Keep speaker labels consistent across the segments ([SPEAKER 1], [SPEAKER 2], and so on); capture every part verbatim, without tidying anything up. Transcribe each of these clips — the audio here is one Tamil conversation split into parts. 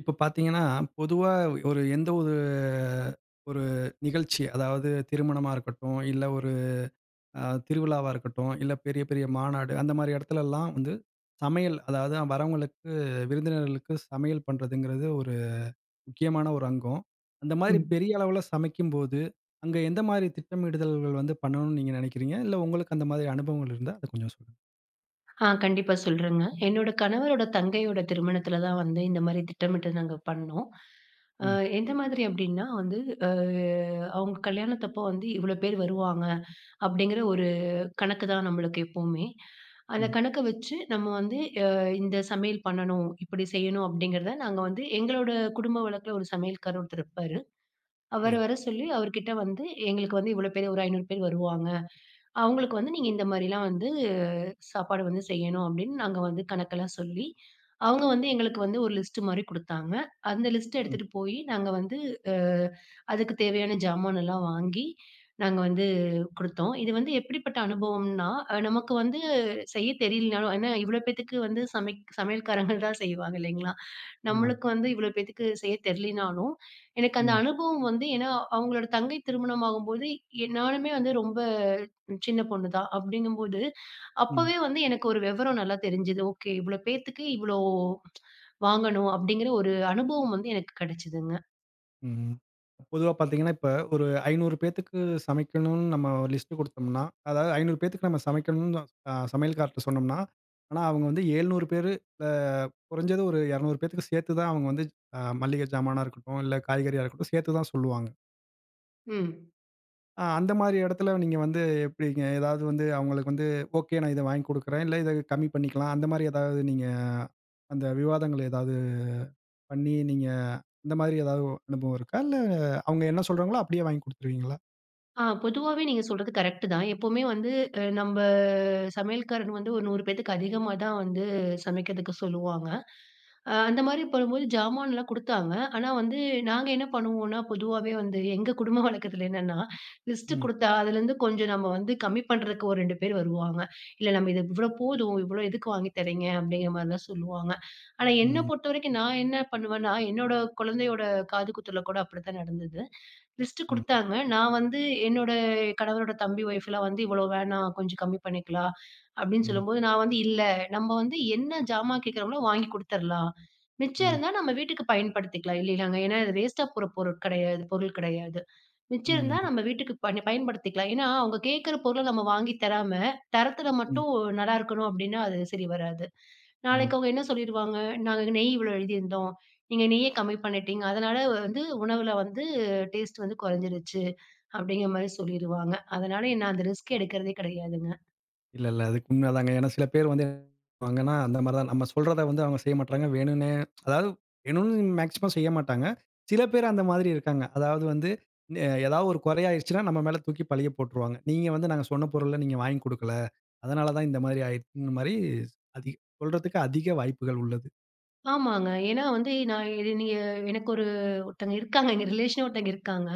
[SPEAKER 1] இப்போ பாத்தீங்கன்னா, பொதுவா ஒரு எந்த ஒரு ஒரு நிகழ்ச்சி. அதாவது திருமணமா இருக்கட்டும். இல்ல ஒரு அ, திருவிழாவா இருக்கட்டும். இல்ல பெரிய பெரிய மாநாடு, அந்த மாரி எடத்துல லாம் வந்து சமையல், அதாவது வரவங்களுக்கு, விருந்தினர்களுக்கு சமையல் பண்றதுங்கிறது ஒரு முக்கியமான ஒரு அங்கம். அந்த மாரி
[SPEAKER 2] ம்.
[SPEAKER 1] பெரிய அளவுல சமைக்கும்போது அங்க எந்த மாரி திட்டமிடுதல்கள் வந்து பண்ணணும்னு நீங்க நினைக்கிறீங்க? இல்ல உங்களுக்கு அந்த மாரி அனுபவங்கள் இருந்தா அத கொஞ்சம் சொல்லுங்க.
[SPEAKER 2] ஆ, கண்டிப்பா சொல்றேங்க. என்னோட கணவரோட, தங்கையோட திருமணத்ல தான் வந்து இந்த மாரி திட்டமிட்டு நாங்க பண்ணோம். அ,
[SPEAKER 1] ம்.
[SPEAKER 2] எந்த மாதிரி அப்டின்னா, வந்து அ அவுங்க கல்யாணத்தப்போ வந்து இவ்ளோ பேரு வருவாங்க அப்டிங்கிற ஒரு கணக்கு தான் நம்மளுக்கு எப்போமே. அந்த
[SPEAKER 1] ம்.
[SPEAKER 2] கணக்க வச்சு நம்ம வந்து, அ, இந்த சமையல் பண்ணணும், இப்டி செய்யணும் அப்டிங்கிறத நாங்க வந்து, எங்களோட குடும்ப வழக்குல ஒரு சமையல்காரர் ஒருத்தர் இருப்பாரு. அவர்
[SPEAKER 1] சரிங்க.
[SPEAKER 2] வர சொல்லி, அவர்கிட்ட வந்து எங்களுக்கு வந்து இவ்ளோ பேரு, ஒரு ஐநூறு பேரு வருவாங்க. அவங்களுக்கு வந்து, நீங்க இந்த மாரிலாம் வந்து அ, சாப்பாடு வந்து செய்யணும். அப்டின்னு நாங்க வந்து கணக்கெல்லாம் சொல்லி, அவுங்க வந்து எங்களுக்கு வந்து ஒரு லிஸ்ட்டு மாரி குடுத்தாங்க. அந்த லிஸ்ட்
[SPEAKER 1] ம்.
[SPEAKER 2] எடுத்துட்டு போயி நாங்க வந்து அ, அதுக்குத் தேவையான ஜாமானெல்லாம் வாங்கி, நாங்க வந்து குடுத்தோம். இது வந்து எப்படிப்பட்ட அனுபவம்னா, அ நமக்கு வந்து செய்ய தெரியலனாலும், ஏன்னா இவ்வளோ பேத்துக்கு வந்து சமைக் சமையல்காரங்க தான் செய்வாங்க இல்லைங்களா?
[SPEAKER 1] ஆமாங்க.
[SPEAKER 2] நம்மளுக்கு வந்து இவ்ளோ பேத்துக்கு செய்ய தெர்லைனாலும், எனக்கு அந்த
[SPEAKER 1] ம்.
[SPEAKER 2] அனுபவம் வந்து ஏன்னா அவங்களோட தங்கை திருமணம் ஆகும்போது எ நானுமே வந்து ரொம்ப சின்ன பொண்ணுதான். அப்டிங்கும்போது
[SPEAKER 1] ம்.
[SPEAKER 2] அப்பவே வந்து எனக்கு ஒரு வெவரம் நல்லா தெரிஞ்சுது, “ஓகே, இவ்ளோ பேத்துக்கு இவ்ளோ வாங்கணும்” அப்டிங்கற ஒரு அனுபவம் வந்து எனக்கு கிடைச்சதுங்க.
[SPEAKER 1] ம். பொதுவா பாத்தீங்கன்னா இப்ப ஒரு ஐந்நூறு பேத்துக்கு சமைக்கனும் நம்ம லிஸ்ட் கொடுத்தோம்னா, அதாவது ஐந்நூறு பேதுக்கு நம்ம சமைக்கணும்னு, அ சமையல்காரர் காரர்ட சொன்னோம்ன்னா, ஆனா அவங்க வந்து, எழுநூறு பேரு அ, குறைஞ்சது ஒரு இருநூறு பேத்துக்கு சேர்த்து தான் அவங்க வந்து, மளிக ஜாமானா இருக்கட்டும், இல்ல காய்கறியா இருக்கட்டும் சேர்த்து தான் சொல்லுவாங்க.
[SPEAKER 2] ம்.
[SPEAKER 1] அ, அந்த மாரி இடத்துல நீங்க வந்து எப்டிங்க? ஏதாவது வந்து அவங்களுக்கு வந்து, "ஒகே நான் இத வாங்கிக் குடுக்குறேன். இல்ல, இத கம்மி பண்ணிக்கலா" அந்த மாரி ஏதாவது நீங்க அந்த விவாதங்கள ஏதாவது பண்ணி, நீங்க அந்த மாரி ஏதாவது அனுபவம் இருக்கா? இல்ல அவங்க என்ன சொல்றாங்களோ அப்டியே வாங்கி குடுத்துருவீங்களா?
[SPEAKER 2] அ, பொதுவாவே நீங்க சொல்றது கரெக்ட்டு தான். எப்போவுமே வந்து அ, நம்ப சமையல்காரங்க வந்து, ஒரு நூறு பேத்துக்கு அதிகமா தான் வந்து சமைக்கதுக்கு சொல்லுவாங்க. அ, அந்த மாரி பண்ணுபோது ஜாமான்லாம் குடுத்தாங்க. ஆனா வந்து நாங்க என்ன பண்ணுவோனா பொதுவாவே வந்து, எங்க குடும்ப வழக்கத்துல என்னன்னா லிஸ்ட்
[SPEAKER 1] ம்.
[SPEAKER 2] குடுத்தா, அதுலேருந்து கொஞ்சம் நம்ம வந்து கம்மி பண்றதுக்கு ஒரு ரெண்டு பேர் வருவாங்க. இல்ல நம்ம இது "இவ்ளோ போதும், இவ்ளோ எதுக்கு வாங்கி தரிங்க" அப்டிங்கற மாரிதான் சொல்வாங்க. ஆனா, என்ன
[SPEAKER 1] ம்.
[SPEAKER 2] பொறுத்தவரைக்கும் நான் என்ன பண்ணுவேன்னா, என்னோட குழந்தையோட காது குத்துல கூட அப்புடிதான் நடந்தது. லிஸ்ட்டு
[SPEAKER 1] ம்.
[SPEAKER 2] குடுத்தாங்க. நான் வந்து என்னோட கணவரோட தம்பி ஒய்ஃப்லாம் வந்து, "இவ்ளோ வேணா கொஞ்சம் கம்மி பண்ணிக்கலாம்" அப்டின்னு
[SPEAKER 1] ம்.
[SPEAKER 2] சொல்லும்போது. நான் வந்து, "இல்ல, நம்ம வந்து என்ன ஜாமான் கேக்குறாங்களோ வாங்கி குடுத்தறலாம். மிச்சம்
[SPEAKER 1] ம்.
[SPEAKER 2] இருந்தா நம்ம வீட்டுக்கு பயன்படுத்திக்கலாம்" இல்லையாங்க, ஏன்னா இது வேஸ்ட்டா போற பொருள் கிடையாது பொருள் கிடையாது, மிச்சம் இருந்தா
[SPEAKER 1] ம்ஹ்ம்.
[SPEAKER 2] நம்ம வீட்டுக்கு பணி பயன்படுத்திக்கலாம். ஏன்னா அவங்க கேக்கற பொருள நம்ம வாங்கி தராம, தரத்துல
[SPEAKER 1] ம்.
[SPEAKER 2] மட்டும் நல்லாருக்கணும் அப்டின்னா அது சரி வராது. நாளைக்கு
[SPEAKER 1] ம்.
[SPEAKER 2] அவங்க என்ன சொல்லிடுவாங்க, "நாங்க நெய் இவ்ளோ எழுதியிருந்தோம், நீங்க நெய்ய கம்மி பண்ணிட்டீங்க. அதனால வந்து உணவுல வந்து, டேஸ்ட் வந்து குறைஞ்சிருச்சு" அப்டிங்கற மாரி சொல்லிருவாங்க. அதனால நான் அந்த ரிஸ்க் எடுக்கிறதே கிடையாதுங்க.
[SPEAKER 1] இல்ல, இல்ல. அதுக்கு உண்மை தாங்க. ஏனா சில பேர் வந்து என்ன பண்ணுவாங்கன்னா, அந்த மாரி தான் நம்ம சொல்றத வந்து அவங்க செய்ய மாட்றாங்க. வேணும்னே அதாவது வேணும்னு மேக்ஸிமம் செய்யமாட்டாங்க. சில பேர் அந்த மாதிரி இருக்கிறாங்க. அதாவது வந்து ஏதாவு ஒரு கொறையாடுச்சுன்னா? நம்ம மேல தூக்கி பழிய போட்டுருவாங்க. நீங்க வந்து நாங்க சொன்ன பொருள நீங்க வாங்கி குடுக்கல. அதனால தான் இந்த மாதிரி ஆடுச்சுன்ற மாரி சொல்றதுக்கு அதிக வாய்ப்புகள் உள்ளது.
[SPEAKER 2] ஆமாங்க. ஏனா, வந்து நான் இது நீங்க எனக்கு ஒரு ஒருத்தங்க இருக்காங்க. எங்க ரிலேஷனே ஒருத்தங்க இருக்காங்க.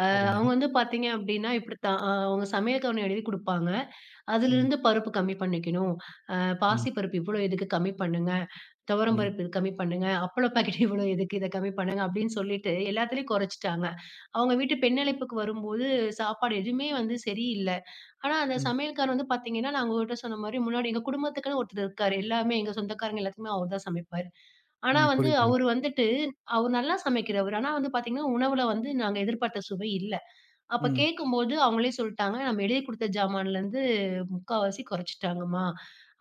[SPEAKER 2] ஆ
[SPEAKER 1] சரிங்க.
[SPEAKER 2] அவங்க வந்து பார்த்தீங்க அப்டின்னா இப்டி தான். ஆ அவங்க சமையல் அவுங்க எழுதி குடுப்பாங்க.
[SPEAKER 1] ம்.
[SPEAKER 2] அதிலிருந்து பருப்பு கம்மி பண்ணிக்கணும். ஆ
[SPEAKER 1] ம்.
[SPEAKER 2] பாசிப்பருப்பு இவ்வளோ எதுக்கு கம்மி பண்ணுங்க, துவரம்
[SPEAKER 1] ம்.
[SPEAKER 2] பருப்பு இது கம்மி பண்ணுங்க அப்பள பாக்கெட் இவ்வளோ எதுக்கு? இத கம்மி பண்ணுங்க அப்டின்னு சொல்லிட்டு எல்லாத்துலேயும் கொறைச்சிட்டாங்க. அவங்க வீட்டு பெண்ணழைப்புக்கு வரும்போது சாப்பாடு எதுவுமே வந்து சரி இல்ல. ஆனா அந்த
[SPEAKER 1] ம்.
[SPEAKER 2] சமையல்கார் வந்து பார்த்தீங்கன்னா, நான் உங்கட்ட சொன்ன மாரி முன்னாடி எங்க குடும்பத்துக்குன்னு ஒருத்தர் இருக்காரு, எல்லாமே எங்க சொந்தக்காரங்க எல்லாத்துக்குமே அவர் தான் சமைப்பாரு. ஆனா
[SPEAKER 1] ம்.
[SPEAKER 2] வந்து
[SPEAKER 1] புரியுதுங்க.
[SPEAKER 2] அவரு வந்துட்டு அவரு நல்லா சமைக்கிறவர். ஆனா வந்து பார்த்தீங்கன்னா உணவுல வந்து நாங்க எதிர்பார்த்த சுவை இல்ல. அப்ப
[SPEAKER 1] ம்.
[SPEAKER 2] கேட்கும்போது அவங்களே சொல்ட்டாங்க, "நம்ம எழுதி குடுத்த ஜாமான்லருந்து முக்காவாசி கொறைச்சிட்டாங்கமா"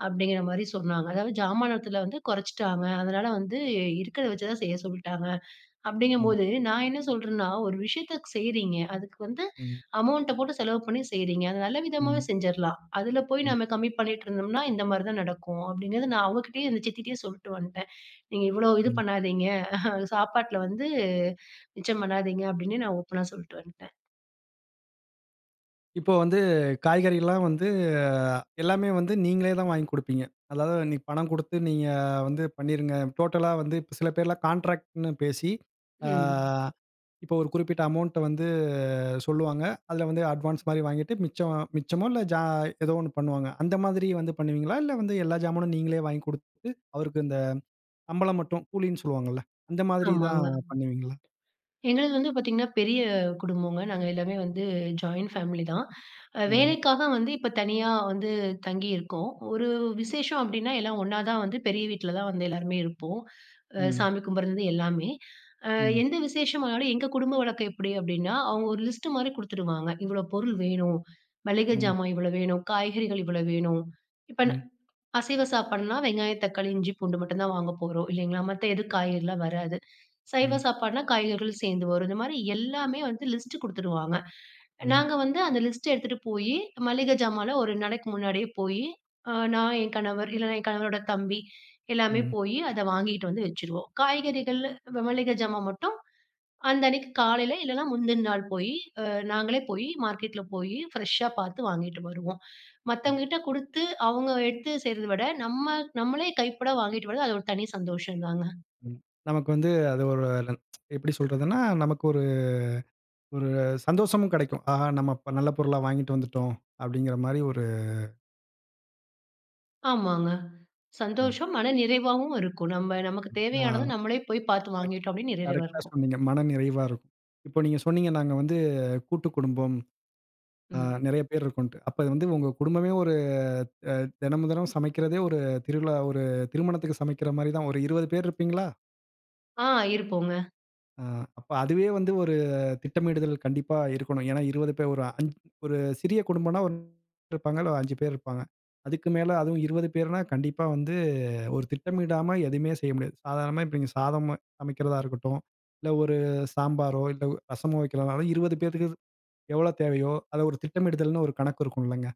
[SPEAKER 2] அப்டிங்குற மாரி சொன்னாங்க. அதாவது ஜாமானத்துல வந்து கொறைச்சிட்டாங்க. அதனால வந்து இருக்கறத வச்சுதான் செய்ய சொல்ட்டாங்க. அப்டிங்கும்
[SPEAKER 1] ம்.
[SPEAKER 2] போது நான் என்ன சொல்றேன்னா, ஒரு விஷயத்த செய்றீங்க, அதுக்கு வந்து
[SPEAKER 1] ம்.
[SPEAKER 2] அமௌண்ட்ட போட்டு செலவு பண்ணி செய்றீங்க. அத நல்ல விதமாவே
[SPEAKER 1] ம்.
[SPEAKER 2] செஞ்சுரலாம். அதுல போய்
[SPEAKER 1] ம்.
[SPEAKER 2] நம்ம கம்மி பண்ணிட்டு இருந்தோம்னா, இந்த மாரி தான் நடக்கும் அப்டிங்குறத நான் அவங்ககிட்டேயும், அந்த சித்திகிட்டேயும் சொல்லிட்டு வந்துட்டேன். நீங்க இவ்வளோ இது
[SPEAKER 1] ம்.
[SPEAKER 2] பண்ணாதீங்க, சாப்பாட்ல வந்து மிச்சம் பண்ணாதீங்க அப்டின்னு நான் ஓப்பனா சொல்லிட்டு வந்துட்டேன்.
[SPEAKER 1] இப்போ வந்து காய்கறிகள்லாம் வந்து எல்லாமே வந்து, நீங்களே தான் வாங்கி கொடுப்பீங்க. அதாவது பணம் கொடுத்து நீங்க வந்து பண்ணிருங்க, டோட்டலா வந்து இப்ப சில பேர்லாம் கான்ட்ராக்ட்னு பேசி அ,
[SPEAKER 2] ம்.
[SPEAKER 1] இப்ப ஒரு குறிப்பிட்ட அமௌன்ட் வந்து சொல்லுவாங்க. அதுல வந்து அட்வான்ஸ் மாரி வாங்கிட்டு மிச்சம், மிச்சமோ இல்ல ஜா எதோ ஒன்னு பண்ணுவாங்க. அந்த மாதிரி வந்து பண்ணுவீங்களா? இல்ல வந்து எல்லா ஜாமானும் நீங்களே வாங்கி குடுத்து, அவருக்கு இந்த சம்பளம் மட்டும், கூலின்னு சொல்லுவாங்கள்ல, அந்த
[SPEAKER 2] ஆமாங்க.
[SPEAKER 1] மாதிரிதான் பண்ணுவீங்களா?
[SPEAKER 2] எங்களது வந்து பாத்தீங்கன்னா, பெரிய குடும்பங்க. நாங்க எல்லாமே வந்து ஜாயின் ஃபேமிலி தான்.
[SPEAKER 1] ம்.
[SPEAKER 2] வேலைக்காக வந்து இப்ப தனியா வந்து தங்கி இருக்கோம். ஒரு விசேஷம் அப்டின்னா எல்லாம் ஒன்னா தான் வந்து பெரிய வீட்டுல தான் வந்து எல்லாருமே இருப்போம்.
[SPEAKER 1] ம்.
[SPEAKER 2] சாமி கும்பிடுறதுல இருந்து எல்லாமே. அ
[SPEAKER 1] ம்.
[SPEAKER 2] எந்த விசேஷம் வந்தாலும் எங்க குடும்ப வழக்கம் எப்புடி அப்டின்னா, அவங்க ஒரு லிஸ்ட் மாதிரி குடுத்துருவாங்க. இவ்வளவு பொருள் வேணும், மளிகை
[SPEAKER 1] ம்.
[SPEAKER 2] ஜாமான் இவ்வளவு வேணும், காய்கறிகள் இவ்வளவு வேணும். இப்ப ந
[SPEAKER 1] ம்.
[SPEAKER 2] அசைவ சாப்பாடுன்னா வெங்காயம், தக்காளி, இஞ்சி, பூண்டு மட்டும் தான் வாங்க போறோம் இல்லைங்களா? மத்த எது காய்கறிலாம் வராது. சைவ
[SPEAKER 1] ம்.
[SPEAKER 2] சாப்பாடுன்னா காய்கறிகள் சேர்ந்து வரும். இந்த மாதிரி எல்லாமே வந்து லிஸ்ட் குடுத்துருவாங்க.
[SPEAKER 1] ம்.
[SPEAKER 2] நாங்க வந்து அந்த லிஸ்ட்ட எடுத்துட்டு போயி மளிகை ஜாமான்ல ஒரு ரெண்டு நாளைக்கு முன்னாடியே போயி அ நா என் கணவர், இல்லனா என் கணவரோட தம்பி எல்லாமே
[SPEAKER 1] ம்.
[SPEAKER 2] போயி, அத வாங்கிட்டு வந்து வெச்சுருவோம். காய்கறிகள், மளிகை ஜாமான் மட்டும் அந்த அன்னைக்கு காலையில, இல்லனா முந்தின நாள் போயி நாங்களே போயி மார்க்கெட்ல போயி பிரெஷ்ஷா பார்த்து வாங்கிட்டு வருவோம். மத்தவங்க கிட்ட குடுத்து அவங்க எடுத்து செய்றத விட நம்ம நம்மளே கைப்பட வாங்கிட்டு வர்றது அது ஒரு தனி சந்தோஷம் தாங்க.
[SPEAKER 1] ம் நமக்கு வந்து அது ஒரு எப்பிடி சொல்றதுன்னா, நமக்கு ஒரு ஒரு சந்தோஷமும் கெடைக்கும். ஆஹா நம்ம நல்ல பொருளா வாங்கிட்டு வந்துட்டோம் அப்படிங்கற மாதிரி ஒரு
[SPEAKER 2] ஆமாங்க.
[SPEAKER 1] ம்.
[SPEAKER 2] சந்தோஷம், மனநிறைவாவும் இருக்கும். நம்ம, நமக்கு
[SPEAKER 1] ம், ஆ.
[SPEAKER 2] தேவையானத நம்மளே போய் பாத்து
[SPEAKER 1] கரெக்ட்,
[SPEAKER 2] வாங்கிட்டோம், அப்டின் நிறைவா
[SPEAKER 1] கரெக்ட்டா
[SPEAKER 2] இருக்கும்.
[SPEAKER 1] சொன்னீங்க. மன நிறைவா இருக்கும். இப்போ நீங்க சொன்னீங்க, நாங்க வந்து கூட்டு குடும்பம். ஆ
[SPEAKER 2] ம்.
[SPEAKER 1] நிறைய பேர் இருக்கோன்ட்டு. அப்ப இது வந்து உங்க குடும்பமே ஒரு அ, தினமும் தினமும் சமைக்கிறதே, ஒரு திருவிழா ஒரு திருமணத்துக்கு சமைக்கிற மாரி தான். ஒரு இருவது பேர் இருப்பீங்களா?
[SPEAKER 2] ஆ, இருப்போங்க.
[SPEAKER 1] அ, அப்ப அதுவே வந்து ஒரு திட்டமிடுதல் கண்டிப்பா இருக்கணும். ஏன்னா இருவது பே ஒரு அ ஒரு சிறிய குடும்பன்னா, ஒரு [unintelligible] இருப்பாங்க இல்ல அஞ்சு பேர் இருப்பாங்க. அதுக்கு மேல அதுவும் இருவது பேருனா கண்டிப்பா வந்து, ஒரு திட்டமிடாம எதுமே செய்ய முடியாது. சாதாரணமா, இப்ப நீங்க சாதம் சமைக்கிறதா இருக்கட்டும், இல்ல ஒரு சாம்பாரோ இல்ல ஒ ரசமோ வைக்கிறனாலும் இருவது பேத்துகக்கு எவ்ளோ தேவையோ, அத ஒரு திட்டமிடுதல்ன்னு ஒரு கணக்கு இருக்கும் இல்லங்க!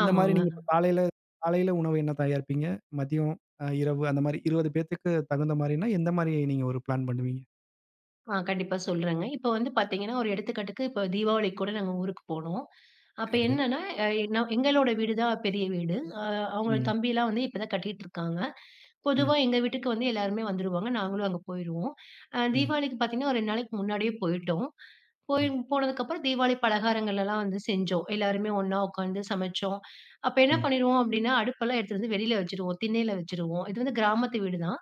[SPEAKER 1] அந்த மாரி
[SPEAKER 2] ஆமாங்க.
[SPEAKER 1] நீங்க இப்ப காலைல காலைல உணவு என்ன தயாரிப்பீங்க? மதியம், அ இரவு அந்த மாரி இருவது பேத்துக்கு தகுந்த மாரின்னா, எந்த மாரி நீங்க ஒரு ப்ளான் பண்ணுவீங்க?
[SPEAKER 2] ஆ, கண்டிப்பா சொல்றேங்க. இப்போ வந்து பாத்தீங்கன்னா, ஒரு எடுத்துக்காட்டுக்கு இப்போ தீபாவளிக்கு கூட நாங்க ஊருக்கு போனோம். அப்ப
[SPEAKER 1] சரிங்க.
[SPEAKER 2] என்னன்னா, அ என்னோ, எங்களோட வீடு தான் பெரிய வீடு. அ, அவங்களோட
[SPEAKER 1] ம்.
[SPEAKER 2] தம்பிலாம் வந்து இப்ப தான் கட்டிட்ருக்காங்க. பொதுவா
[SPEAKER 1] ம்.
[SPEAKER 2] எங்க வீட்டுக்கு வந்து எல்லாருமே வந்துருவாங்க. நாங்களும் அங்க போயிருவோம். அ,
[SPEAKER 1] ம்.
[SPEAKER 2] தீபாவளிக்கு பாத்தீங்கன்னா, ஒரு ரெண்டு நாளைக்கு முன்னாடியே போயிட்டோம். போய்
[SPEAKER 1] சரிங்க.
[SPEAKER 2] போனதுக்கப்பறம் தீபாவளி பலகாரங்கள்லலாம் வந்து செஞ்சோம். எல்லாருமே ஒண்ணா உக்காந்து சமைச்சோம். அப்போ என்ன
[SPEAKER 1] ம்.
[SPEAKER 2] பண்ணிருவோம் அப்டின்னா, அடுப்பெல்லாம் எடுத்துட்டு வந்து வெளில வச்சுடுவோம், திண்ணைல வச்சுருவோம். இது வந்து கிராமத்து வீடு தான்.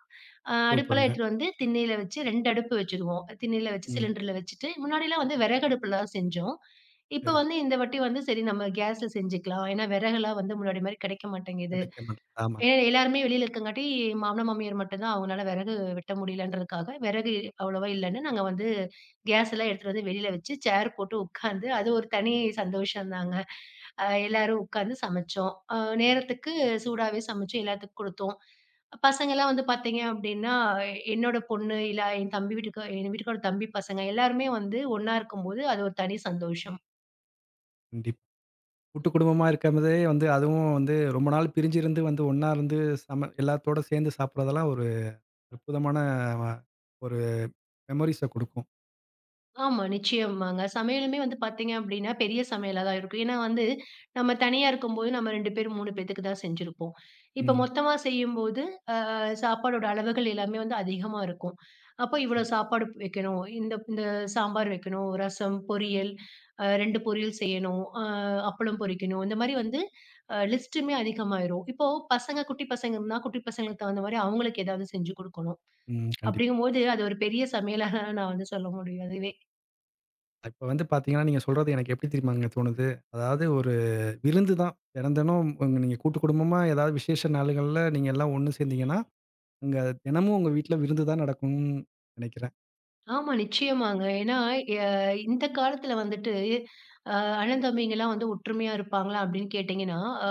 [SPEAKER 2] அ, அடுப்பெல்லாம்
[SPEAKER 1] சூப்பர்ங்க.
[SPEAKER 2] எடுத்துட்டு வந்து திண்ணைல வச்சு, ரெண்டு அடுப்பு வச்சுருவோம். திண்ணைல வச்சு
[SPEAKER 1] ம்.
[SPEAKER 2] சிலிண்டர்ல வச்சுட்டு, முன்னாடிலாம் வந்து வெறகடுப்லதான் செஞ்சோம். இப்போ
[SPEAKER 1] சரி.
[SPEAKER 2] வந்து இந்த வாட்டி வந்து, “சரி, நம்ம கேஸ்ல செஞ்சுக்கலாம்,” ஏன்னா வெறகெல்லாம் வந்து முன்னாடி மாரி கெடைக்க மாட்டேங்குது.
[SPEAKER 1] கிடைக்கணும், ஆமாங்க.
[SPEAKER 2] ஏ எல்லாருமே வெளில இருக்கங்காட்டி, மாமனார் மாமியார் மட்டும் தான், அவங்கனால வெறகு வெட்ட முடியலன்றதுக்காக, வெறகு அவ்ளவா இல்லன்னு நாங்க வந்து கேஸ்லாம் எடுத்துட்டு வந்து வெளில வச்சு, சேர் போட்டு உக்காந்து, அது ஒரு தனி சந்தோஷந்தாங்க! அ, எல்லாரும் உக்காந்து சமச்சோம். அ, நேரத்துக்கு சூடாவே சமச்சு, எல்லாத்துக்கும் குடுத்தோம். பசங்கலாம் வந்து பாத்தீங்க அப்டின்னா, அ என்னோட பொண்ணு இல்ல, என் தம்பி வீட்டுக்கா எங்க வீட்டுக்காரோட தம்பி பசங்க எல்லாருமே வந்து ஒண்ணா இருக்கும்போது அது ஒரு தனி சந்தோஷம்.
[SPEAKER 1] கண்டிப் கூட்டு குடும்பமா இருக்கன்றதே வந்து அதுவும் வந்து ரொம்ப நாளு பிரிஞ்சிருந்து வந்து, ஒன்னா இருந்து சம எல்லாத்தோட சேந்து சாப்பிட்றதெல்லாம் ஒரு அற்புதமான வா ஒரு மெமோரீஸ குடுக்கும்.
[SPEAKER 2] ஆமா. நிச்சயமாங்க. சமையலுமே வந்து பாத்தீங்க அப்படின்னா, பெரிய சமையலா தான் இருக்கும். ஏன்னா வந்து, நம்ம தனியா இருக்கும்போது நம்ம ரெண்டு பேர், மூணு பேத்துக்கு தான் செஞ்சிருப்போம், இப்போ
[SPEAKER 1] ம்.
[SPEAKER 2] மொத்தமா செய்யும்போது அ சாப்பாடோட அளவுகள் எல்லாமே வந்து அதிகமா இருக்கும். அப்போ இவ்வளோ
[SPEAKER 1] ம்.
[SPEAKER 2] சாப்பாடு ப் வெக்கணும். இந்த இந்த சாம்பார் வெக்கணும். ரசம் பொரியல், அ ரெண்டு பொரியல் செய்யணும், ஆ அப்பளம் பொரிக்கணும். இந்த மாரி வந்து, அ லிஸ்ட்டுமே அதிகமாயிரும். இப்போ பசங்க குட்டி பசங்க இருந்தா, குட்டி பசங்களுக்கு தகுந்த மாரி அவுங்களுக்கு ஏதாவது செஞ்சு கொடுக்கணும்,
[SPEAKER 1] ம், கண்டிப்
[SPEAKER 2] அப்டிங்கும்போது அது ஒரு பெரிய சமையலாக நான் வந்து சொல்ல முடியும். அதுவே!
[SPEAKER 1] இப்போ வந்து பாத்தீங்கன்னா நீங்க சொல்றது எனக்கு எப்படி தெரியுமாங்க தோணுது, அதாவது ஒரு விருந்து தான். தெனந் தெனம் வந்து நீங்க கூட்டு குடும்பமா, ஏதாவது விசேஷ நாள்கள்ல, நீங்க எல்லாம் ஒண்ணு சேந்தீங்கனா, உங்க தினமும் உங்க வீட்ல விருந்து தான் நடக்கும் நெனைக்கிறேன்.
[SPEAKER 2] ஆமா, நிச்சயமாங்க. ஏன்னா, எ இந்த காலத்தில வந்துட்டு, அ "அண்ணன் தம்பிங்கலாம் வந்து ஒற்றுமையா இருப்பாங்களா?" அப்டின்னு கேட்டீங்கன்னா, அ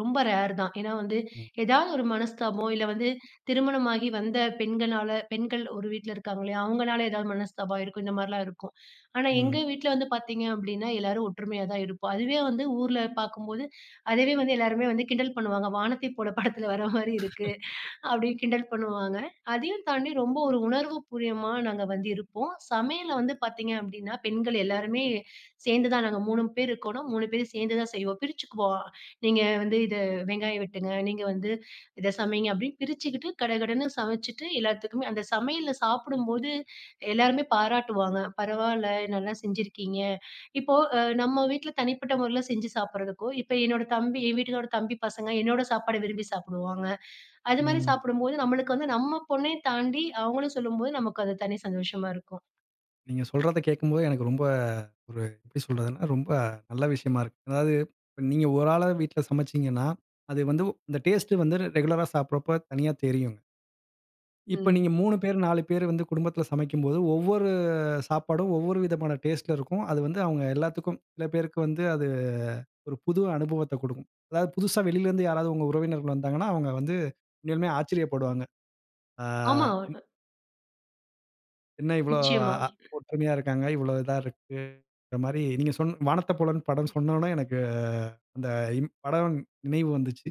[SPEAKER 2] ரொம்ப ரேர் தான். ஏன்னா, வந்து
[SPEAKER 1] ம்.
[SPEAKER 2] எதாவது ஒரு மனஸ்தாபம் இல்ல வந்து திருமணமாகி வந்த பெண்கனால பெண்கள் ஒரு வீட்ல இருக்காங்கலியா, அவுங்கனால எதாவது மனஸ்தாபம் இருக்கும். இந்த மாரிலாம் இருக்கும். ஆனா எங்க
[SPEAKER 1] ம்.
[SPEAKER 2] வீட்ல வந்து பாத்தீங்க அப்டின்னா, எல்லாரும் ஒற்றுமையா தான் இருப்போம், அதுவே வந்து ஊர்ல பாக்கும்போது அதுவே வந்து, எல்லாருமே வந்து கிண்டல் பண்ணுவாங்க. "வானத்தை போல படத்தில வர மாரி இருக்கு" அப்படின்னு கிண்டல் பண்ணுவாங்க. அதையும் தாண்டி ரொம்ப ஒரு உணர்வு பூரியமா நாங்க வந்து இருப்போம், சமையல்ல வந்து பாத்தீங்க அப்படின்னா பெண்கள் எல்லாருமே சேர்ந்து தான் நாங்க மூணு பேர் இருக்கோன்னா, மூணு பேரும் சேந்து தான் செய்வோம். பிரிச்சுக்குவோம் "நீங்க வந்து இத வெங்காயம் வெட்டுங்க, நீங்க வந்து இத சமைங்க!" அப்படின்னு பிரிச்சுக்கிட்டு, கடகடன்னு சமச்சுட்டு எல்லாத்துக்குமே அந்த சமையல்ல சாப்பிடும்போது, எல்லோருமே பாராட்டுவாங்க. பரவால்ல, நல்லா செஞ்சுருக்கீங்க இப்போ அ நம்ம வீட்ல தனிப்பட்ட மொறைல செஞ்சு சாப்பிட்றதுக்கோ, இப்போ என்னோட தம்பி என் வீட்டுகாரோட தம்பி பசங்க, என்னோட சாப்பாடு விரும்பி சாப்பிடுவாங்க, அது மாரி
[SPEAKER 1] ம்.
[SPEAKER 2] சாப்பிடும்போது, நம்பளுக்கு வந்து நம்ம பொண்ணயும் தாண்டி அவுங்களும் சொல்லும்போது, நமக்கு அது தனி சந்தோஷமா இருக்கும்.
[SPEAKER 1] நீங்க சொல்றதை கேக்கும்போது எனக்கு ரொம்ப ஒரு எப்டி சொல்றதுனா, ரொம்ப அ நல்ல விஷயமா இருக்கு, அதாவது இப்ப நீங்க ஒரு ஆளா வீட்ல சமச்சீங்கன்னா, அது வந்து அந்த டேஸ்ட்டு வந்து ரெகுலரா சாப்புறப்போ தனியா தெரியுங்க. இப்ப
[SPEAKER 2] ம்.
[SPEAKER 1] நீங்க மூணு பேர், நாலு பேரு வந்து, குடும்பத்ல சமைக்கும்போது, ஒவ்வொரு சாப்பாடும் ஒவ்வொரு விதமான டேஸ்ட்ல இருக்கும். அது வந்து அவுங்க எல்லாத்துக்கும் சில பேருக்கு வந்து, அது ஒரு புது அனுபவத்த குடுக்கும். அதாவது புதுசா வெளிலருந்து யாராவது உங்க உறவினர்கள் வந்தாங்கன்னா, அவுங்க வந்து, உண்மையாலுமே ஆச்சரியப்படுவாங்க. ஆ
[SPEAKER 2] ஆமா. ஒ
[SPEAKER 1] இன் என்ன இவ்ளோ
[SPEAKER 2] நிச்சயமா.
[SPEAKER 1] அ ஒற்றுமையா இருக்காங்க? இவ்ளோ இதா இருக்கு? [unintelligible] மாரி நீங்க சொன்ன வானத்த போலன்னு படம் சொன்னோனே எனக்கு, அந்த படவன் நினைவு வந்துச்சு.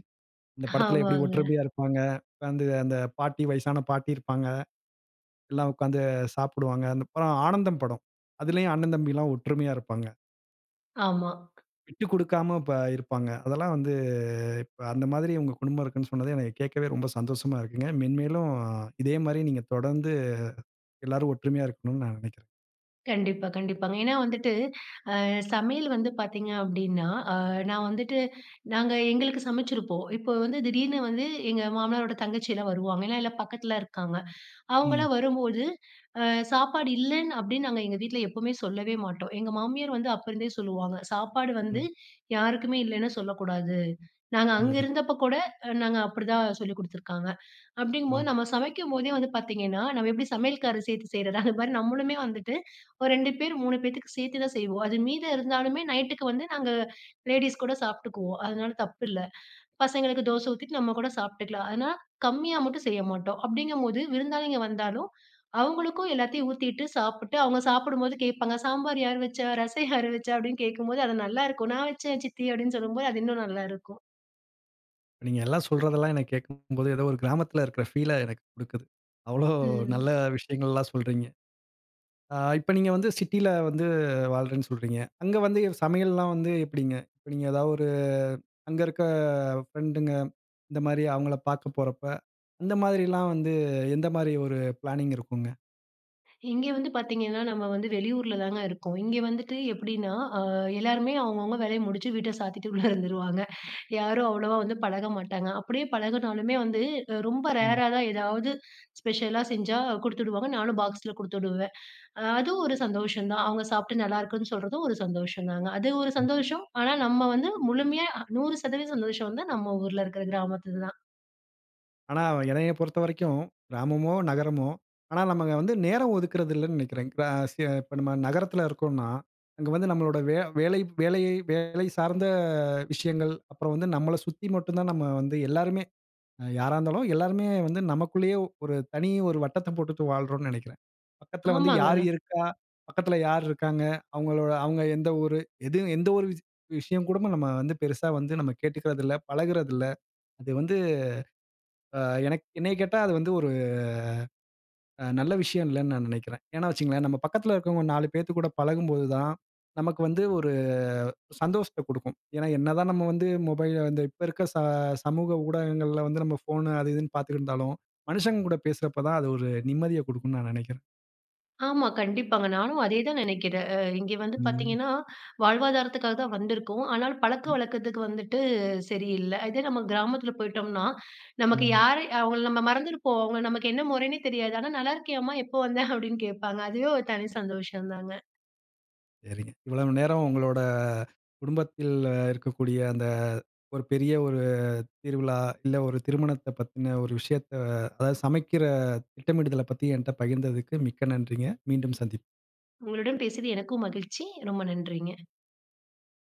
[SPEAKER 1] இந்த படத்தில எப்படி
[SPEAKER 2] ஆமாங்க.
[SPEAKER 1] ஒற்றுமையா இருப்பாங்க? வந்து அந்த பாட்டி வயசான பாட்டி இருப்பாங்க. எல்லா உட்கார்ந்து சாப்புடுவாங்க. அந்த அப்புறம் ஆனந்தம் படம். அதிலேயும் அண்ணன் தம்பி எல்லாம் ஒற்றுமையா இருப்பாங்க.
[SPEAKER 2] ஆமா.
[SPEAKER 1] விட்டு கொடுக்காம இப்ப இருப்பாங்க. அதெல்லாம் வந்து இப்ப அந்த மாதிரி உங்க குடும்பம் இருக்குன்னு சொன்னது, எனக்கு கேட்கவே ரொம்ப சந்தோஷமா இருக்குங்க. மென்மேலும் இதே மாரியே நீங்க தொடர்ந்து எல்லாரும் ஒற்றுமையா இருக்கணுன்ணு நான் நினைக்கிறேன்.
[SPEAKER 2] கண்டிப்பா, கண்டிப்பாங்க. ஏன்னா வந்துட்டு, அ சமையல் வந்து பார்த்தீங்க அப்டின்னா, அ நான் வந்துட்டு நாங்க எங்களுக்கு சமைச்சிருப்போம். இப்போ வந்து திடீர்னு வந்து எங்க மாமனாரோட தங்கச்சி எல்லா வருவாங்க. ஏன்னா எல்லாம் பக்கத்தில இருக்காங்க. அவங்களலா
[SPEAKER 1] ம்.
[SPEAKER 2] வரும்போது அ சாப்பாடு இல்லன்னு அப்டின்னு, நாங்க எங்க வீட்டில எப்போவுமே சொல்லவே மாட்டோம். எங்க மாமியார் வந்து அப்போருந்தே சொல்லுவாங்க, சாப்பாடு வந்து
[SPEAKER 1] ம்.
[SPEAKER 2] யாருக்குமே இல்லைன்னு சொல்லக்கூடாது. நாங்க அங்கே
[SPEAKER 1] ம்ஹ்ம்.
[SPEAKER 2] இருந்தப்போ கூட நாங்க அப்டிதான் சொல்லிக் குடுத்துருக்காங்க. அப்டிங்கும்போது
[SPEAKER 1] ம்.
[SPEAKER 2] நம்ம சமைக்கும்போதே வந்து பார்த்தீங்கன்னா, நம்ம எப்டி சமையல்கார் சேர்த்து செய்றத, அதுமாரி நம்மளுமே வந்துட்டு ஒரு ரெண்டு பேர், மூணு பேத்துக்கு சேர்த்து தான் செய்வோம். அது மீத இருந்தாலுமே, நைட்டுக்கு வந்து நாங்க லேடீஸ் கூட சாப்பிட்டுக்குவோம். அதனால தப்பு இல்ல. பசங்களுக்கு தோசை ஊத்திட்டு நம்ம கூட சாப்பிட்டுக்கலாம். ஆனா, கம்மியா மட்டும் செய்ய மாட்டோம். அப்டிங்கும்போது விருந்தாளிங்க வந்தாலும், அவங்களுக்கும் எல்லாத்தையும் ஊத்திட்டு சாப்புட்டு, அவங்க சாப்புடும்போது கேப்பாங்க, "சாம்பார் யார் வச்சா? ரசம் யார் வச்சா?" அப்டின்னு கேட்கும்போது அது நல்லாருக்கும். "நான் வச்சேன் சித்தி" அப்டின்னு சொல்லும்போது, அது இன்னும் நல்லாருக்கும்.
[SPEAKER 1] நீங்க எல்லாம் சொல்றதெல்லாம் எனக்கு கேட்கும்போது, ஏதோ ஒரு கிராமத்தில இருக்கிற ஃபீல எனக்கு கொடுக்குது. அவ்வளோ
[SPEAKER 2] ம்.
[SPEAKER 1] நல்ல விஷயங்கள்லாம் சொல்றீங்க. ஆ இப்ப நீங்க வந்து சிட்டில வந்து வாழ்றேனு சொல்றீங்க. அங்க வந்து சமையல்லாம் வந்து எப்டிங்க? இப்ப நீங்க ஏதாஒரு அங்க இருக்க பிரெண்ட்ங்க, இந்த மாரி அவங்களை பார்க்க போறப்போ, அந்த மாரிலாம் வந்து எந்த மாரி ஒரு பிளானிங் இருக்குங்க?
[SPEAKER 2] இங்க வந்து பார்த்தீங்கன்னா, நம்ம வந்து வெளியூரில தாங்க இருக்கோம், இங்க வந்துட்டு எப்டின்னா, ஆ எல்லாருமே அவங்கவங்க வேலையை முடிச்சு வீட்டை சாத்திட்டு உள்ளே இருந்துருவாங்க. யாரும் அவ்வளோவா வந்து பழக மாட்டாங்க, அப்டியே பழகுனாலுமே வந்து, ரொம்ப
[SPEAKER 1] ம்.
[SPEAKER 2] ரேரா தான் ஏதாவது ஸ்பெஷலா செஞ்சா கொடுத்துவிடுவாங்க. நானும் பாக்ஸில கொடுத்துவிடுவேன், அதுவும் ஒரு சந்தோஷம் தான். அவங்க சாப்பிட்டு நல்லாயிருக்குன்னு சொல்றதும் ஒரு சந்தோஷம் தாங்க. அது ஒரு
[SPEAKER 1] ம்.
[SPEAKER 2] சந்தோஷம் ஆனா, நம்ம வந்து முழுமையா நூறு சதவீதம் சந்தோஷம் வந்து நம்ம ஊரில இருக்கிற கிராமத்தில தான்.
[SPEAKER 1] ஆனா, என்னைய பொறுத்த வரைக்கும், கிராமமோ நகரமோ, ஆனா நம்ம வந்து நேரம் ஒதுக்குறது இல்லைன்னு நினைக்கிறேன், இப்போ சி நம்ம நகரத்தில இருக்கோம்னா, அங்க வந்து நம்மளோட வே வேலை வேலையை வேலை சார்ந்த விஷயங்கள், அப்புறம் வந்து நம்மளை சுத்தி மட்டும் தான் நம்ம வந்து எல்லோருமே, அ யாரா இருந்தாலும், எல்லோருமே வந்து நமக்குள்ளேயே ஒரு தனி ஒரு வட்டத்தை போட்டுட்டு வாழறோம்னு நினைக்கிறேன். பக்கத்தில வந்து
[SPEAKER 2] ஆமாங்க.
[SPEAKER 1] யார் இருக்கா, பக்கத்தில யார் இருக்காங்க, அவங்களோட அவங்க எந்த ஊரு எது, எந்த ஒரு விஷயம் கூட நம்ம வந்து பெருசா வந்து நம்ம கேட்டுக்கிறதில்லை, பழகுறது இல்லை, அது வந்து ஆ எனக் -என்னைய கேட்டா, அது வந்து ஒரு அ நல்ல விஷயம் இல்லைனு நான் நினைக்கிறேன். ஏனா வச்சுக்கங்களேன், நம் பக்கத்தில இருக்கிறவங்க நாலு பேத்துக்கூட பழகும்போது தான், நமக்கு வந்து ஒரு சந்தோஷத்தை கொடுக்கும். ஏனா, என்ன தான் நம்ப வந்து மொபைல்ல இப்ப இருக்கிற ச சமூக ஊடகங்களில வந்து நம்ப ஃபோன் அது இதுனு பார்த்துக்கிட்டு இருந்தாலும், மனிஷங்க கூட பேசுற போது தான், அது ஒரு நிம்மதியை கொடுக்கும்னு நான் நினைக்கிறேன்.
[SPEAKER 2] ஆமா, கண்டிப்பாங்க. நானும் அதேதான் நினைக்கிறேன், அ இங்கே வந்து
[SPEAKER 1] ம்.
[SPEAKER 2] பார்த்தீங்கன்னா, வாழ்வாதாரத்துக்காக வந்திருக்கோம். ஆனால்
[SPEAKER 1] ம்.
[SPEAKER 2] பழக்கவழக்கத்துக்கு வந்துட்டு சரி இல்லை, இதே நம்ம கிராமத்தில போய்ட்டோம்னா, நமக்கு
[SPEAKER 1] ம்.
[SPEAKER 2] யாரை அவங்கள நம்ம மறந்துருப்போம் அவங்க நமக்கு என்ன முறைனே தெரியாது. ஆனா, "நல்லாயிருக்கியாமா எப்போ வந்த" அப்படின்னு கேட்பாங்க, அதுவே ஒரு தனி சந்தோஷம் தாங்க.
[SPEAKER 1] சரிங்க. இவ்வளவு நேரம் உங்களோட, குடும்பத்தில்ல இருக்கக்கூடிய அந்த ஒரு பெரிய ஒரு திருவிழா, இல்லை ஒரு திருமணத்தை பத்தின ஒரு விஷயத்தை, அதாவது சமைக்கிற திட்டமிடுதலை பத்தி என்னிடம் பகிர்ந்ததுக்கு மிக்க நன்றிங்க. மீண்டும் சந்திப்போம்.
[SPEAKER 2] உங்களுடன் பேசியது எனக்கும் மகிழ்ச்சி. ரொம்ப நன்றிங்க.